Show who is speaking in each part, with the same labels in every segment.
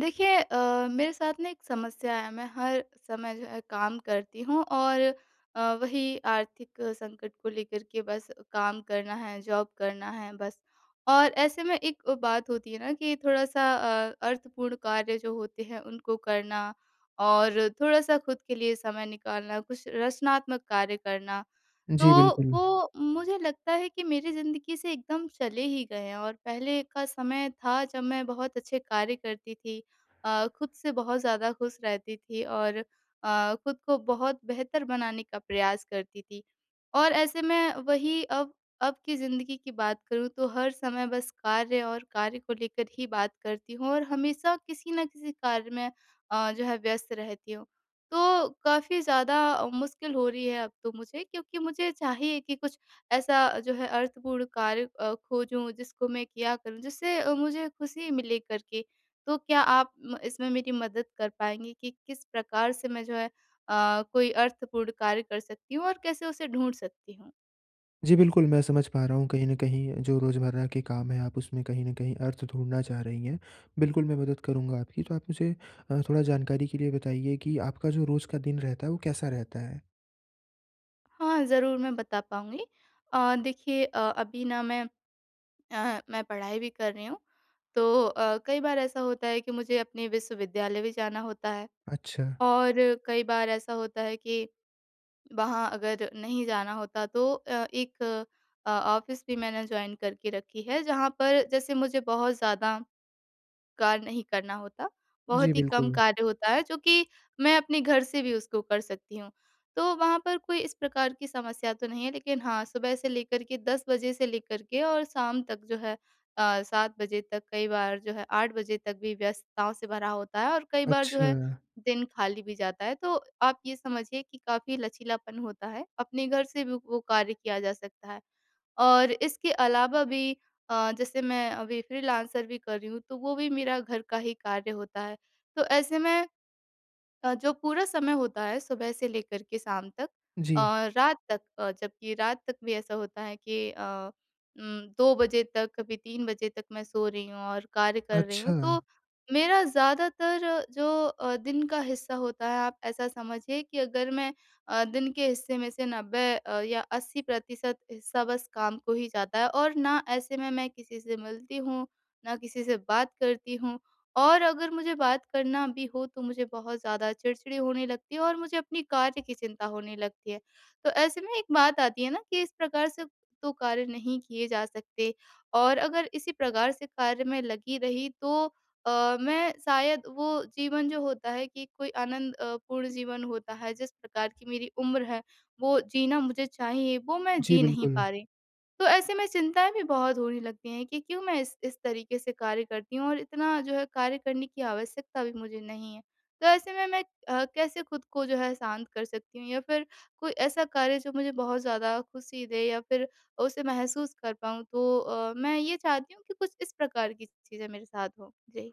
Speaker 1: देखिए, अ, मेरे साथ ना एक समस्या है। मैं हर समय जो काम करती हूँ और अ, वही आर्थिक संकट को लेकर के बस काम करना है। जॉब करना है बस। और ऐसे में एक अ, बात होती है ना कि थोड़ा-सा अ, अर्थपूर्ण कार्य जो होते हैं उनको करना और थोड़ा-सा ख़ुद के लिए समय निकालना, कुछ रचनात्मक कार्य करना। तो
Speaker 2: जी, बिल्कुल।
Speaker 1: वो मुझे लगता है कि मेरी ज़िंदगी से एकदम चले ही गए हैं और पहले का समय था जब मैं बहुत अच्छे कार्य करती थी। अ, ख़ुद से बहुत ज़्यादा ख़ुश रहती थी और अ, ख़ुद को बहुत बेहतर बनाने का प्रयास करती थी और ऐसे मैं वही अब अब की ज़िंदगी की बात करूँ तो हर समय बस कार्य और कार्य को लेकर ही बात करती हूँ और हमेशा किसी न किसी कार्य में अ, जो है व्यस्त रहती हूँ। तो काफ़ी ज़्यादा मुश्किल हो रही है अब तो मुझे क्योंकि मुझे चाहिए कि कुछ ऐसा अ, जो है अर्थपूर्ण कार्य अ, खोजूँ जिसको मैं किया करूँ जिससे अ, मुझे ख़ुशी मिले करके तो क्या आप म इसमें मेरी मदद कर पाएँगी कि किस प्रकार से मैं जो है अ, कोई अर्थपूर्ण कार्य कर सकती हूँ और कैसे उसे ढूँढ सकती हूँ?
Speaker 2: जी, बिल्कुल, मैं समझ पा रहा हूँ कहीं न कहीं जो रोज़मर्रा के काम हैं आप उसमें कहीं न कहीं अर्थ ढूँढना चाह रही हैं। बिल्कुल मैं मदद करूँगा आपकी, तो आप मुझे अ, थोड़ा जानकारी के लिए बताइए कि आपका जो रोज़ का दिन रहता है वो कैसा रहता है?
Speaker 1: हाँ, ज़रूर मैं बता पाऊँगी। अ, देखिए अ, अभी ना मैं आह, मैं पढ़ाई भी कर रही हूँ। तो अ, कई बार ऐसा होता है कि मुझे अपने विश्वविद्यालय भी जाना होता है।
Speaker 2: अच्छा।
Speaker 1: और कई बार ऐसा होता है कि, वहाँ अगर नहीं जाना होता तो अ, एक अ, ऑफ़िस भी मैंने जॉइन करके रखी है जहाँ पर जैसे मुझे बहुत ज़्यादा कार्य नहीं करना होता।
Speaker 2: जी,
Speaker 1: बहुत ही कम
Speaker 2: बिल्कुल।
Speaker 1: कार्य होता है जो कि मैं अपने घर से भी उसको कर सकती हूँ। तो वहाँ पर कोई इस प्रकार की समस्या तो नहीं है लेकिन हाँ, सुबह से लेकर के 10:00 बजे से लेकर के और शाम तक जो है अ, 7:00 बजे तक कई बार जो है 8:00 बजे तक भी व्यस्तताओं से भरा होता है और कई बार जो है
Speaker 2: अच्छा।
Speaker 1: दिन खाली भी जाता है। तो आप ये समझिए कि काफ़ी लचीलापन होता है। अपने घर से भी वो कार्य किया जा सकता है। और इसके अलावा भी अ, जैसे मैं अभी फ्रीलांसर भी कर रही हूँ तो वो भी मेरा घर का ही कार्य होता है। तो ऐसे में अ, जो पूरा समय होता है सुबह से लेकर के शाम तक
Speaker 2: जी।
Speaker 1: अ, रात तक अ, जबकि रात तक भी ऐसा होता है कि अ, उम, 2 बजे तक कभी 3 बजे तक मैं सो रही हूँ और कार्य कर रही हूँ
Speaker 2: अच्छा।
Speaker 1: तो मेरा ज़्यादातर जो अ, दिन का हिस्सा होता है आप ऐसा समझिए कि अगर मैं अ, दिन के हिस्से में से 90 अ, या 80% हिस्सा बस काम को ही जाता है और ना ऐसे में मैं किसी से मिलती हूँ, न किसी से बात करती हूँ और अगर मुझे बात करना भी हो तो मुझे बहुत ज़्यादा चिड़चिड़े होने लगती है और मुझे अपनी कार्य की चिंता होने लगती है। तो ऐसे में एक बात आती है ना कि इस प्रकार से तो कार्य नहीं किए जा सकते, और अगर इसी प्रकार से कार्य में लगी रही तो अ, मैं शायद वो जीवन जो होता है कि कोई आनंदपूर्ण जीवन होता है जिस प्रकार की मेरी उम्र है, वो जीना मुझे चाहिए वो मैं
Speaker 2: जी,
Speaker 1: जी नहीं
Speaker 2: बिल्कुल।
Speaker 1: पा रही। तो ऐसे में चिंताएँ भी बहुत होने लगती हैं कि क्यों मैं इस इस तरीक़े से कार्य करती हूँ? और इतना जो है कार्य करने की आवश्यकता भी मुझे नहीं है। तो ऐसे में, मैं अ, कैसे ख़ुद को जो है शांत कर सकती हूँ या फिर कोई ऐसा कार्य जो मुझे बहुत ज़्यादा ख़ुशी दे या फिर उसे महसूस कर पाऊँ तो अ, मैं ये चाहती हूँ कि कुछ इस प्रकार की चीज़ें मेरे साथ हों। जी।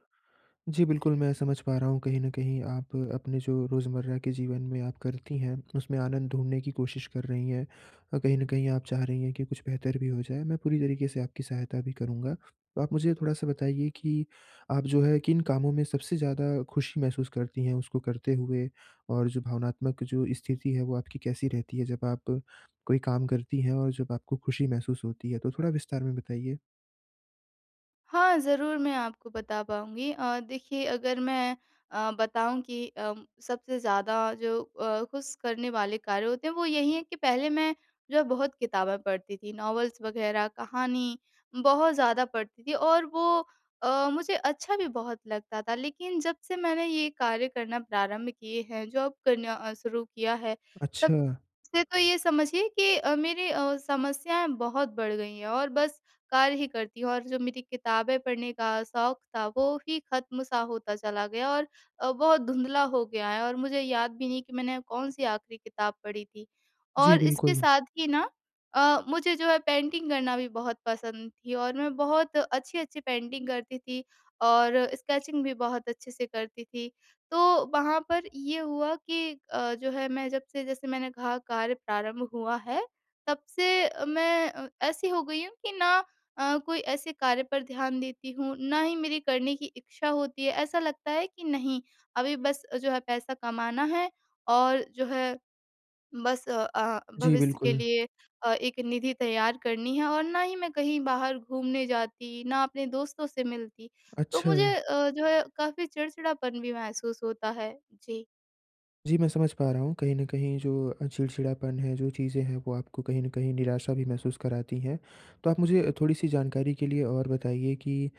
Speaker 2: जी, बिल्कुल, मैं समझ पा रहा हूँ कहीं न कहीं आप अपने जो रोज़मर्रा के जीवन में आप करती हैं, उसमें आनंद ढूँढने की कोशिश कर रही हैं। अ, कहीं न कहीं आप चाह रही हैं कि कुछ बेहतर भी हो जाए मैं पूरी तरीक़े से आपकी सहायता भी करूँगा। तो आप मुझे थोड़ा-सा बताइए कि, आप जो है किन कामों में सबसे ज़्यादा ख़ुशी महसूस करती हैं? उसको करते हुए और जो भावनात्मक जो स्थिति है वो आपकी कैसी रहती है, जब आप कोई काम करती हैं और जब आपको ख़ुशी महसूस होती है तो? थोड़ा विस्तार में बताइए।
Speaker 1: हाँ, ज़रूर मैं आपको बता पाऊँगी अ, देखिए अगर मैं अ, बताऊँ कि अ, सबसे ज़्यादा जो अ, खुश करने वाले कार्य होते हैं, वो यही हैं कि पहले मैं जो है बहुत किताबें पढ़ती थी, नॉवल्स वग़ैरह कहानी बहुत ज़्यादा पढ़ती थी। और वो अ, मुझे अच्छा भी बहुत लगता था लेकिन जब से मैंने ये कार्य करना प्रारंभ किए हैं, जॉब करना अ, शुरू किया है, तब
Speaker 2: अच्छा।
Speaker 1: से तो ये समझिए कि अ, मेरी अ, समस्याएँ बहुत बढ़ गई हैं। और बस कार्य ही करती हूँ और जो मेरी किताबें पढ़ने का शौक था, वो ही ख़त्म सा होता चला गया और अ, बहुत धुंधला हो गया है और मुझे याद भी नहीं कि मैंने कौन-सी आख़िरी किताब पढ़ी थी।
Speaker 2: जी,
Speaker 1: और इसके
Speaker 2: बिल्कुल।
Speaker 1: साथ ही ना अ, मुझे जो है पेंटिंग करना भी बहुत पसंद थी और मैं बहुत अच्छी-अच्छी पेंटिंग करती थी और स्केचिंग भी बहुत अच्छे से करती थी। तो, वहाँ पर ये हुआ कि अ, जो है मैं जब से जैसे मैंने कहा कार्य प्रारंभ हुआ है, तब से मैं अ, ऐसी हो गई हूँ कि ना अ, कोई ऐसे कार्य पर ध्यान देती हूँ, ना ही मेरी करने की इच्छा होती है। ऐसा लगता है कि नहीं, अभी बस जो है पैसा कमाना है और जो है, बस अ अ,
Speaker 2: जी,
Speaker 1: भविष्य के
Speaker 2: बिल्कुल।
Speaker 1: लिए अ, एक निधि तैयार करनी है और ना ही मैं कहीं बाहर घूमने जाती, ना अपने दोस्तों से मिलती, तो मुझे
Speaker 2: अच्छा।
Speaker 1: अ, जो है काफ़ी चिड़चिड़ापन भी महसूस होता है। जी।
Speaker 2: जी, मैं समझ पा रहा हूँ कहीं न कहीं जो अ, चिड़चिड़ापन है, जो चीज़ें हैं वो आपको कहीं न कहीं निराशा भी महसूस कराती हैं। तो आप मुझे थोड़ी-सी जानकारी के लिए और बताइए कि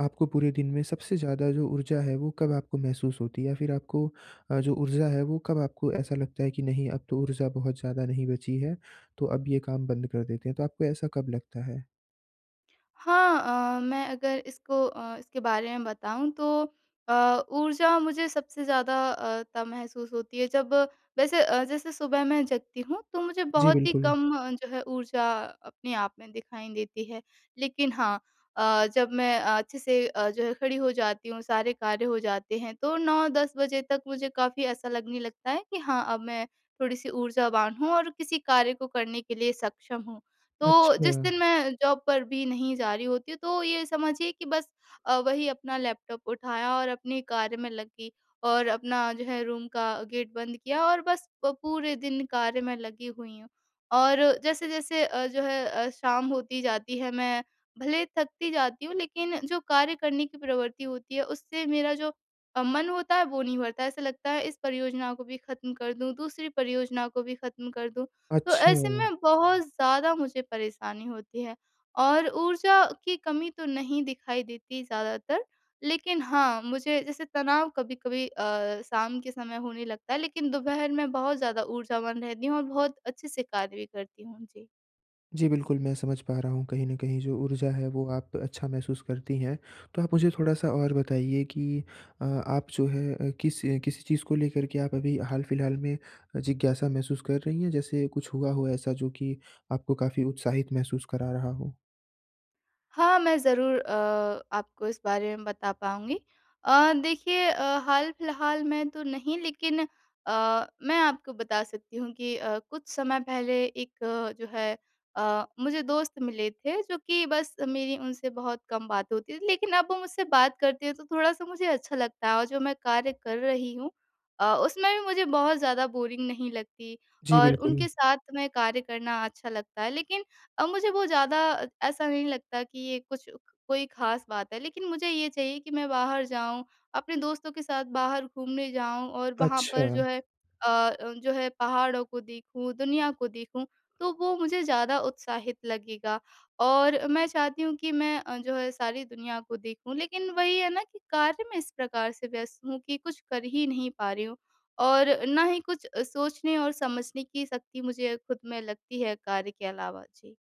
Speaker 2: आपको पूरे दिन में सबसे ज़्यादा जो ऊर्जा है वो कब आपको महसूस होती है? फिर आपको अ, जो ऊर्जा है वो कब आपको ऐसा लगता है कि नहीं अब तो ऊर्जा बहुत ज़्यादा नहीं बची है, तो अब ये काम बंद कर देते हैं। तो आपको ऐसा कब लगता है?
Speaker 1: हाँ, अ, मैं अगर इसको अ, इसके बारे में बताऊँ तो अ, ऊर्जा मुझे सबसे ज़्यादा अ, तब महसूस होती है जब वैसे अ, जैसे सुबह मैं जगती हूँ तो मुझे
Speaker 2: जी,
Speaker 1: बहुत ही
Speaker 2: बिल्कुल।
Speaker 1: कम अ, जो है ऊर्जा अपने आप में दिखाई देती है। लेकिन हाँ अ, जब मैं अच्छे से अ, जो है खड़ी हो जाती हूँ, सारे कार्य हो जाते हैं तो 9-10 बजे तक मुझे काफ़ी ऐसा लगने लगता है कि हाँ, अब मैं थोड़ी-सी ऊर्जावान हूँ और किसी कार्य को करने के लिए सक्षम हूँ। तो जिस
Speaker 2: अच्छा।
Speaker 1: दिन मैं जॉब पर भी नहीं जा रही होती हूँ तो ये समझिए कि बस अ, वही अपना लैपटॉप उठाया और अपने कार्य में लग गई और अपना जो है रूम का गेट बंद किया और बस पूरे दिन कार्य में लगी हुई हूँ। और जैसे-जैसे अ, जो है अ, शाम होती जाती है, मैं भले थकती जाती हूँ लेकिन जो कार्य करने की प्रवृत्ति होती है उससे मेरा जो अ, मन होता है वो नहीं भरता है। ऐसा लगता है इस परियोजना को भी ख़त्म कर दूँ, दूसरी परियोजना को भी ख़त्म कर दूँ। तो ऐसे
Speaker 2: अच्छा।
Speaker 1: में बहुत ज़्यादा मुझे परेशानी होती है और ऊर्जा की कमी तो नहीं दिखाई देती ज़्यादातर लेकिन हाँ, मुझे जैसे तनाव कभी-कभी अ, शाम के समय होने लगता है। लेकिन दोपहर में बहुत ज़्यादा ऊर्जावान रहती हूँ और बहुत अच्छे से कार्य भी करती हूँ। जी।
Speaker 2: जी, बिल्कुल, मैं समझ पा रहा हूँ, कहीं न कहीं जो ऊर्जा है वो आप अच्छा महसूस करती हैं। तो आप मुझे थोड़ा-सा और बताइए कि अ, आप जो हैं अ, किस किसी चीज़ को लेकर के आप अभी हाल-फिलहाल में जिज्ञासा महसूस कर रही हैं जैसे कुछ हुआ हो ऐसा जो कि आपको काफ़ी उत्साहित महसूस करा रहा हो?
Speaker 1: हाँ, मैं ज़रूर अ, आपको इस बारे में बता पाऊँगी। अ, देखिए अ, हाल-फिलहाल में तो नहीं लेकिन अ, मैं आपको बता सकती हूँ कि अ, कुछ समय पहले एक जो है अ, मुझे दोस्त मिले थे, जो कि बस मेरी उनसे बहुत कम बात होती थी। लेकिन अब वो मुझसे बात करते हैं तो थोड़ा-सा मुझे अच्छा लगता है, और जो मैं कार्य कर रही हूँ अ, उसमें भी मुझे बहुत ज़्यादा बोरिंग नहीं लगती
Speaker 2: जी,
Speaker 1: और उनके
Speaker 2: बिल्कुल।
Speaker 1: साथ में कार्य करना अच्छा लगता है। लेकिन अ, मुझे वो ज़्यादा ऐसा नहीं लगता कि ये कुछ कोई खास बात है लेकिन मुझे ये चाहिए कि मैं बाहर जाऊँ। अपने दोस्तों के साथ बाहर घूमने जाऊँ। और वहाँ पर जो
Speaker 2: अच्छा।
Speaker 1: है अ, जो है पहाड़ों को देखूँ, दुनिया को देखूँ। तो वो मुझे ज़्यादा उत्साहित लगेगा और मैं चाहती हूँ कि मैं अ, जो है सारी दुनिया को देखूँ लेकिन वही है ना कि कार्य में इस प्रकार से व्यस्त हूँ कि कुछ कर ही नहीं पा रही हूँ। और ना ही कुछ अ, सोचने और समझने की शक्ति मुझे खुद में लगती है कार्य के अलावा, जी।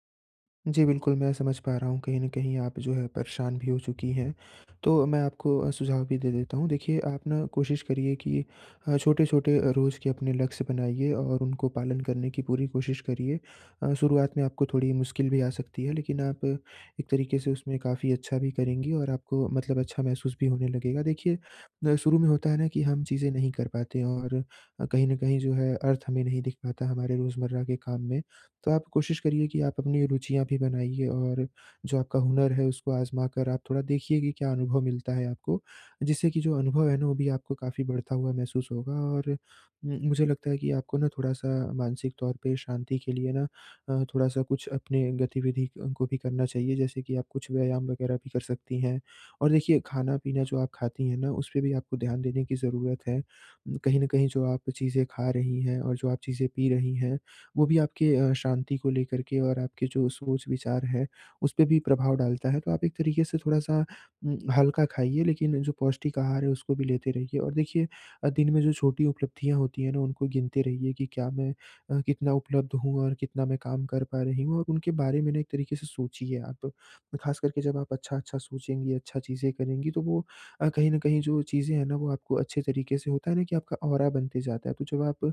Speaker 2: जी, बिल्कुल मैं समझ पा रहा हूँ कहीं न कहीं आप जो है परेशान भी हो चुकी हैं। तो मैं आपको अ, सुझाव भी दे देता हूँ। देखिए आप ना कोशिश करिए कि अ, छोटे-छोटे रोज़ के अपने लक्ष्य बनाइए और उनको पालन करने की पूरी कोशिश करिए। अ, शुरुआत में आपको थोड़ी मुश्किल भी आ सकती है लेकिन आप एक तरीके से उसमें काफ़ी अच्छा भी करेंगी और आपको मतलब अच्छा महसूस भी होने लगेगा। देखिए ना शुरू में होता है ना कि हम चीज़ें नहीं कर पाते हैं और अ, कहीं न कहीं जो है अर्थ हमें नहीं दिख पाता हमारे रोज़मर्रा के काम में। तो आप कोशिश करिए कि आप अपनी रुचियाँ भी बनाइए और जो आपका हुनर है उसको आज़मा कर आप थोड़ा देखिए कि क्या अनुभव मिलता है आपको। जिससे कि जो अनुभव है ना वो भी आपको काफ़ी बढ़ता हुआ महसूस होगा और उम, मुझे लगता है कि आपको ना थोड़ा-सा मानसिक तौर पे शांति के लिए ना अ, थोड़ा-सा कुछ अपने गतिविधि अ, को भी करना चाहिए, जैसे कि आप कुछ व्यायाम वग़ेेरह भी कर सकती हैं। और देखिए खाना-पीना जो आप खाती हैं ना उसपे भी आपको ध्यान देने की ज़रूरत है। उम, कहीं न कहीं जो आप चीज़ें खा रही हैं और जो आप चीज़ें पी रही हैं, वो भी आपके अ, शांति को लेकर के और आपके जो सोच-विचार है उस पे भी प्रभाव डालता है। तो आप एक तरीके से थोड़ा-सा उम, हल्का खाइए लेकिन जो पौष्टिक आहार है उसको भी लेते रहिए। और देखिए अ, दिन में जो छोटी उपलब्धियाँ होती हैं ना उनको गिनते रहिए कि क्या मैं अ, कितना उपलब्ध हूँ और कितना मैं काम कर पा रही हूँ और उनके बारे में ना एक तरीके से सोचिए आप। खासकर के जब आप अच्छा-अच्छा सोचेंगी, अच्छा चीज़ें करेंगी तो वो अ, कहीं न कहीं जो चीज़ें हैं ना वो आपको अच्छे तरीके से होता है ना कि आपका ऑरा बनते जाता है। तो जब आप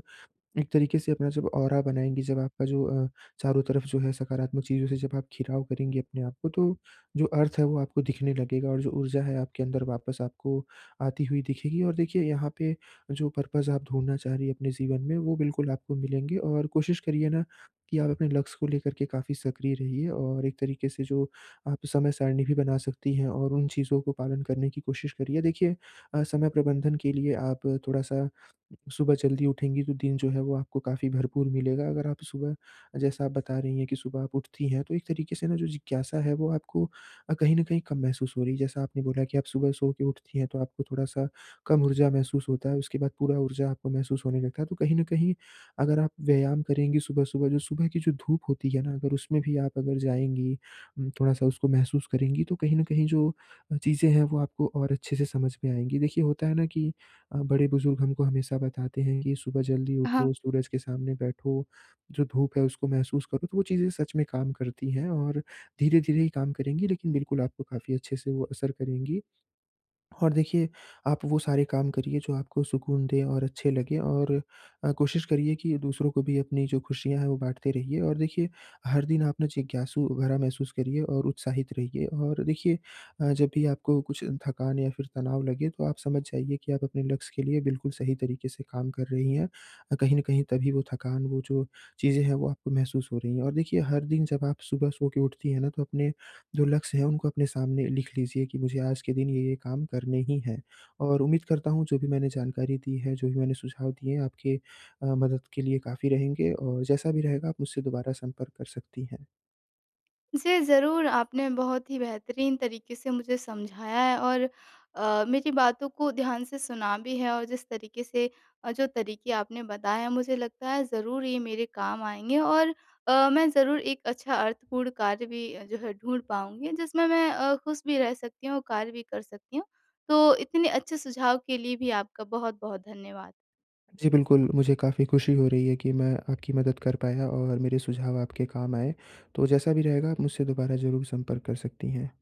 Speaker 2: एक तरीके से अपना जब ऑरा बनाएँगी, जब आपका जो अ, चारों तरफ़ जो है सकारात्मक चीज़ों से जब आप घिराव करेंगी अपने आप को तो जो अर्थ है वो आपको दिखने लगेगा और जो ऊर्जा है आपके अंदर वापस आपको आती हुई दिखेगी। और देखिए यहाँ पे जो पर्पज़ आप ढूँढना चाह रही हैं अपने जीवन में वो बिल्कुल आपको मिलेंगे और कोशिश करिए ना कि आप अपने लक्ष्य को लेकर के काफ़ी सक्रिय रहिए और एक तरीके से जो आप समय सारणी भी बना सकती हैं और उन चीज़ों को पालन करने की कोशिश करिए। देखिए अ, समय प्रबंधन के लिए आप थोड़ा-सा सुबह जल्दी उठेंगी तो दिन जो है वो आपको काफ़ी भरपूर मिलेगा। अगर आप सुबह जैसा आप बता रही हैं कि सुबह आप उठती है तो एक तरीके से ना जो जिज्ञासा है वो आपको अ, कहीं न कहीं कम महसूस हो रही है। जैसा आपने बोला कि आप सुबह सो के उठती हैं तो आपको थोड़ा-सा कम ऊर्जा महसूस होता है, उसके बाद पूरा ऊर्जा आपको महसूस होने लगता है। तो कहीं न कहीं अगर आप व्यायाम करेंगी सुबह-सुबह, जो सुबह की जो धूप होती है ना अगर उसमे भी आप अगर जाएँगी, उम, थोड़ा-सा उसको महसूस करेंगी तो कहीं न कहीं जो चीज़े है वो आपको और अच्छे से समझ में आएँगी। देखिए होता है ना कि अ, बड़े बुजुर्ग हमको हमेशा बताते हैं कि सुबह जल्दी
Speaker 1: हाँ।
Speaker 2: उठो, सूरज के सामने बैठो, जो धूप है उसको महसूस करो तो वो चीज़े सच में काम करती हैं। और धीरे-धीरे ही काम करेंगी लेकिन बिल्कुल आपको काफ़ी अच्छे से वो असर करेंगी। और देखिए आप वो सारे काम करिए जो आपको सुकून दें और अच्छे लगें। और अ, कोशिश करिए कि दूसरों को भी अपनी जो खुशियाँ हैं वो बाँटते रहिए और देखिए हर दिन आप न जिज्ञासू भरा महसूस करिए और उत्साहित रहिए। और देखिए अ, जब भी आपको कुछ थकान या फिर तनाव लगे तो आप समझ जाइए कि आप अपने लक्ष्य के लिए बिल्कुल सही तरीके से काम कर रही हैं, अ, कहीं न कहीं तभी वो थकान, वो जो चीज़ें हैं वो आपको महसूस हो रही हैं। और देखिए हर दिन जब आप सुबह सो के उठती हैं ना तो अपने जो लक्ष्य हैं उनको अपने सामने लिख लीजिए कि मुझे आज के दिन ये-ये काम करने ही हैं। और उम्मीद करता हूँ जो भी मैंने जानकारी दी है, जो भी मैंने सुझाव दिए हैं आपके अ, मदद के लिए काफ़ी रहेंगे और जैसा भी रहेगा आप मुझसे दोबारा संपर्क कर सकती हैं।
Speaker 1: जी, ज़रूर आपने बहुत ही बेहतरीन तरीके से मुझे समझाया है और अ, मेरी बातों को ध्यान से सुना भी है और जिस तरीके से अ, जो तरीके आपने बताए हैं मुझे लगता है ज़रूर ये मेरे काम आएँगे और अ, मैं ज़रूर एक अच्छा अर्थपूर्ण कार्य भी अ, जो है ढूँढ पाऊँगी जिसमें मैं अ, खुश भी रह सकती हूँ और कार्य भी कर सकती हूँ। तो इतने अच्छे सुझाव के लिए भी आपका बहुत-बहुत धन्यवाद।
Speaker 2: जी बिल्कुल मुझे काफ़ी खुशी हो रही है कि मैं आपकी मदद कर पाया और मेरे सुझाव आपके काम आए। तो जैसा भी रहेगा आप मुझसे दोबारा ज़रूर संपर्क कर सकती हैं।